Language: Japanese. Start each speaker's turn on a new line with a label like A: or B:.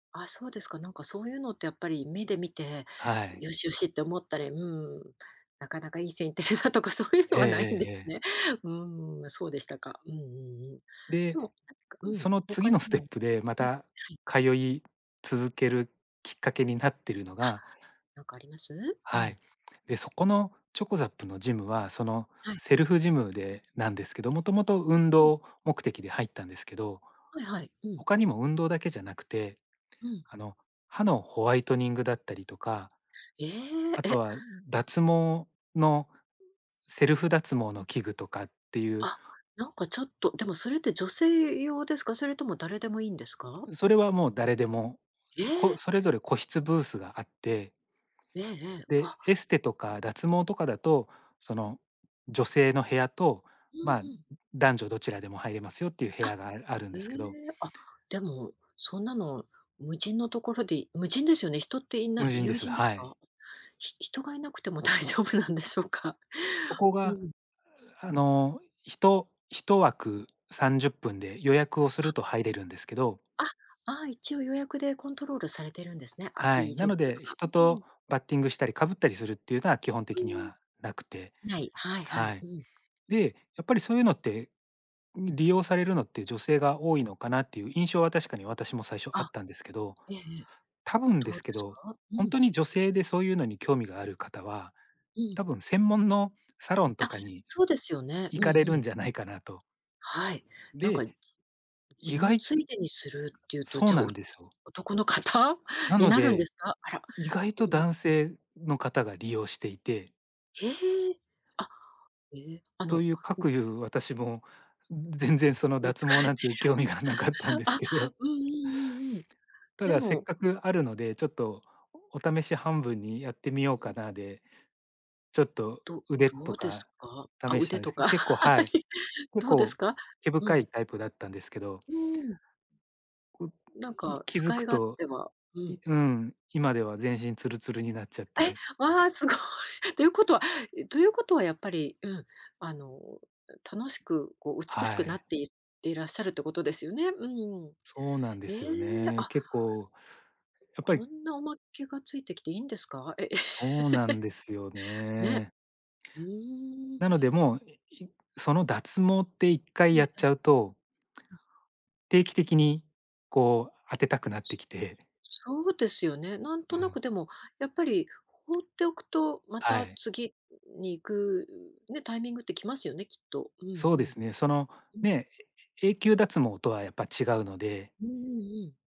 A: ああ、そうですか、何か、そういうのって、やっぱり目で見て、
B: はい。
A: 良々って思ったり、うん、中々良い線行ってるなとか、そういうの
B: ええ
A: はないんで
B: ええ
A: す
B: ええ。
A: ね、うん、そうでしたか、うんうんうん、で
B: で、
A: も、なんか、うん、何
B: そ
A: か
B: の、
A: 他
B: 次
A: に
B: のステッ
A: も
B: プで、ま
A: うん、は
B: た
A: い。
B: 通い続けるきっかけになっているの
A: あ、
B: が
A: 何かあります？う
B: は
A: ん。
B: い、で、そこのチョコザップの、ジムは、その、
A: はい。
B: セルフジムで何ですけど、元々、運
A: うん。
B: 動目的で入ったんですけど、
A: はいはい、うん。
B: 他にも、運動だけじゃなくて、
A: うん。
B: あの、歯のホワイトニングだったりとか、
A: ええ
B: 後
A: え。
B: は、脱毛のセルフ脱毛の器具とかっていう
A: あ、何かちょっと、でもそれって、女性用ですか？それとも誰でも良いんですか？
B: それはもう誰でも、
A: え
B: こ
A: え。
B: それぞれ個室ブースがあって
A: ええええ、わ。
B: で、エステとか、脱毛とかだと、その女性の部屋と、
A: ふん
B: ま、
A: ふん。
B: 男女どちらでも入れますよ、って言う部
A: あ、
B: 屋が、ああるん
A: え
B: ですけど。
A: え、あ、でも、そんなの無人の所で、無人ですよね。人って居ない
B: 無人で
A: 有
B: す、
A: 人です
B: はい。
A: か？ひ人が居なくても、大丈夫なんでしょうか。
B: そこ
A: う
B: が、
A: ん。
B: あの、ひと1枠30分で予約をす
A: あ。
B: ると、入れるんですけど
A: あ、ああ、一応予約でコントロールされてるんですね、空
B: は
A: き
B: い、
A: 状
B: な
A: 況
B: の
A: と
B: で、
A: か、
B: 人
A: うー
B: と
A: ん。
B: バッティングしたり、かぶったりするっていうのは、基本
A: うー
B: 的に
A: ん。
B: は無くて、
A: はい、はいは
B: は
A: い、
B: い、
A: うん。
B: で、やっぱりそういうのって、り利用されるのって、女性が多いのかなって言う印象は、確かに、私も最初あ
A: あ。
B: ったんですけど、
A: ええええ。
B: 多分で
A: どう
B: すけ
A: です
B: ど、
A: か？う
B: 本
A: ん。
B: 当に女性で、そういうのに、興味がある方は、
A: うん。
B: 多分専門のサロンと
A: あ、
B: かに、
A: そうですよね、
B: 行
A: うんう
B: かれるん
A: ん。
B: じゃないかなと。
A: はい、何か、
B: で、
A: ジジ
B: 意
A: ム
B: 外
A: ついでにするっていうと、
B: そう
A: じゃ、
B: な
A: お
B: んですよ。
A: 男の方
B: な
A: に
B: の
A: なるんで
B: で、
A: すか？あら。
B: 意外
A: う
B: と
A: うん。
B: 男性の方が、利用していて
A: へえ、あ、え、あ
B: と
A: の
B: いう、か
A: うん。
B: く言う、私も全然、その
A: うん、
B: 脱
A: 使
B: 毛
A: われい
B: なん
A: てる、
B: て、興味がなかったんです
A: あ、
B: けど、
A: うんうんうんうん、
B: た
A: で
B: だ、せっ
A: も
B: かくあるので、ちょっと、お試し半分にやってみよう
A: う
B: か
A: ん。
B: なで、ちょっと
A: ど
B: 腕
A: ど
B: と
A: うです
B: か、
A: か？あ、
B: 試した
A: 腕
B: んで
A: と
B: すけど、
A: か、
B: 結構 は
A: は
B: い、
A: い、
B: 結
A: どうです
B: 構、
A: か？
B: 毛
A: う
B: 深
A: ん。
B: いタイプだったんですけど。
A: うーん。
B: う
A: 何
B: い
A: か、
B: 気付
A: 使
B: く
A: い勝
B: と、
A: 手は、う
B: い
A: ん。
B: うん、今では、全身ツルツルになっちゃっ
A: え、
B: て。
A: わ、凄い、と言う事はと言う事は、やっぱり、うん、あの、楽しく、こう、美
B: は
A: しくな
B: い。
A: って行っていらっしゃるって事ですよね、うん、
B: そうなんで
A: ええ、
B: すよね、
A: あ。
B: 結構やっぱり
A: こんな、おまけが付いて来て、良いんですか？え、
B: そうなんですよ
A: ね。
B: ね。
A: うーん。
B: なので、もう、いいその脱毛っていっか
A: は
B: い
A: い、
B: や
A: え
B: っち
A: え、
B: ゃうと
A: うん。
B: 定期的に、こう、当てたくなって来て。
A: そうですよね、何
B: う
A: とな
B: ん。
A: く、でも、やっぱり、放っておくと、ま
B: は
A: た
B: い。
A: 次に行くね、タイミングって来ますよね、きっと、うんう
B: そうで
A: ん、
B: すね、その、
A: うん。
B: ね、え永久脱毛とはやっぱ違うので。
A: うんうんうん。